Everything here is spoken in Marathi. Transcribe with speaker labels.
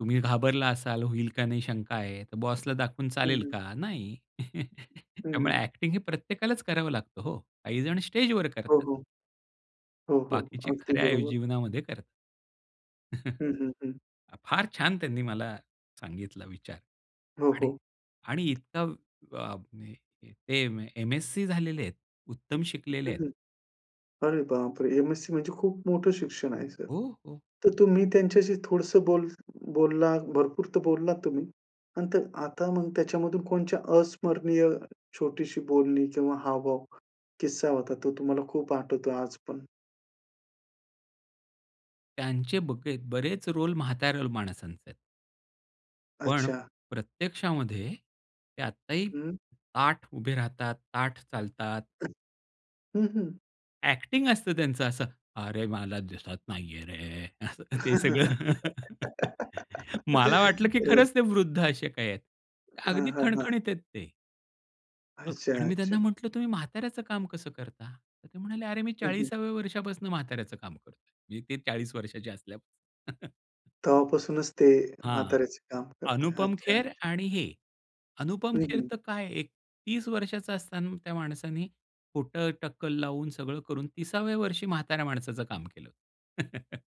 Speaker 1: तुम्ही घाबरला असाल, होईल का नाही शंका आहे तर बॉसला दाखवून
Speaker 2: हं,
Speaker 1: चालेल
Speaker 2: हं.
Speaker 1: का? नाही.
Speaker 2: हं,
Speaker 1: त्यामुळे
Speaker 2: हं.
Speaker 1: ॲक्टिंग हे प्रत्येकालाच करावं लागतं हो. काहीजण स्टेजवर
Speaker 2: हो,
Speaker 1: करतात.
Speaker 2: हो. हो, हो.
Speaker 1: बाकीचे
Speaker 2: अगदी
Speaker 1: खऱ्या आयु
Speaker 2: बरोबर.
Speaker 1: जीवनामध्ये करतात.
Speaker 2: हं, हं, हं.
Speaker 1: हा फार छान त्यांनी मला सांगितला विचार
Speaker 2: हो,
Speaker 1: आणि
Speaker 2: हो.
Speaker 1: आणि इतका अ, अ, हे ते एम-एस-सी झालेले आहेत उत्तम शिकलेले
Speaker 2: हं,
Speaker 1: आहेत.
Speaker 2: हं अरे बापरे! एम-एस-सी म्हणजे खूप मोठं शिक्षण आहे सर.
Speaker 1: हो, हो.
Speaker 2: तर तुम्ही त्यांच्याशी थोडसं बोल बोललात भरपूर तर बोललात तुम्ही आणि तर आता मग त्याच्यामधून कोणच्या अस्मरणीय छोटीशी बोलणी किंवा हावभाव किस्सा होता तो तुम्हाला खूप आठवतो आजपण?
Speaker 1: त्यांचे बके बरेच रोल म्हाताऱ्या लो माणसांचे आहेत. पण
Speaker 2: अच्छा.
Speaker 1: प्रत्यक्षामध्ये ते आत्ताही
Speaker 2: हं.
Speaker 1: ताठ उभे राहतात, ताठ चालतात.
Speaker 2: हं, हं.
Speaker 1: ॲक्टिंग असतं त्यांचं असं "अरे मला दिसत नाहीये रे." असं ते सगळं. मला वाटलं की
Speaker 2: हो.
Speaker 1: खरंच ते वृद्ध असे काही आहेत.
Speaker 2: हां,
Speaker 1: अगदी
Speaker 2: हां, हां.
Speaker 1: खणखणीत आहेत ते. अ,
Speaker 2: अच्छा,
Speaker 1: आणि मी
Speaker 2: अच्छा.
Speaker 1: त्यांना म्हटलं तुम्ही म्हाताऱ्याचं काम कसं करता? तर ते म्हणाले अरे मी
Speaker 2: हं, हं.
Speaker 1: 40व्या वर्षापासून म्हाताऱ्याचं काम करतोय. म्हणजे ते 40 वर्षाचे असल्यापासून.
Speaker 2: तेव्हापासूनच ते
Speaker 1: हां.
Speaker 2: म्हाताऱ्याचे काम करतात.
Speaker 1: अनुपम
Speaker 2: अच्छा,
Speaker 1: खेर
Speaker 2: अच्छा.
Speaker 1: आणि हे अनुपम
Speaker 2: हं,
Speaker 1: खेर
Speaker 2: हं.
Speaker 1: तर काय एक 30 वर्षाचा असताना त्या माणसांनी खोटं टक्कल लावून सगळं करून 30व्या वर्षी म्हाताऱ्या माणसाचं काम केलं.